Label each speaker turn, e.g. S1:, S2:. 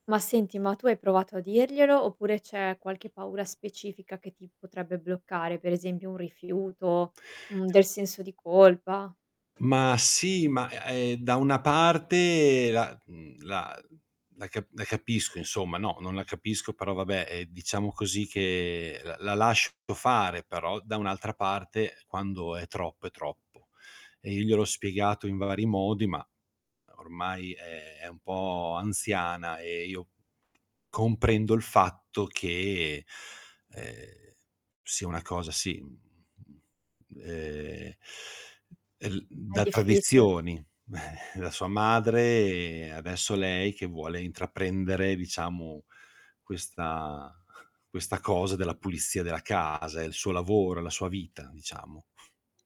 S1: Ma senti, ma tu hai provato a dirglielo oppure c'è qualche paura specifica che ti potrebbe bloccare? Per esempio un rifiuto, mhmm, del senso di colpa?
S2: Ma sì, ma, e ehm, da una parte la mhmm, la la ca la capisco insomma. No, non la capisco, però vabbè, ehm, diciamo così che la lascio fare, però da un'altra parte, quando è troppo è troppo. E io gliel'ho spiegato in vari modi, ma ormai è è un po' anziana e io comprendo il fatto che, uhm, sia una cosa sì, mhmm, uhm, el
S1: È
S2: da
S1: difficile.
S2: tradizioni, eh, da sua madre e adesso lei che vuole intraprendere, diciamo, questa questa cosa della pulizia della casa, è il suo lavoro, è la sua vita diciamo.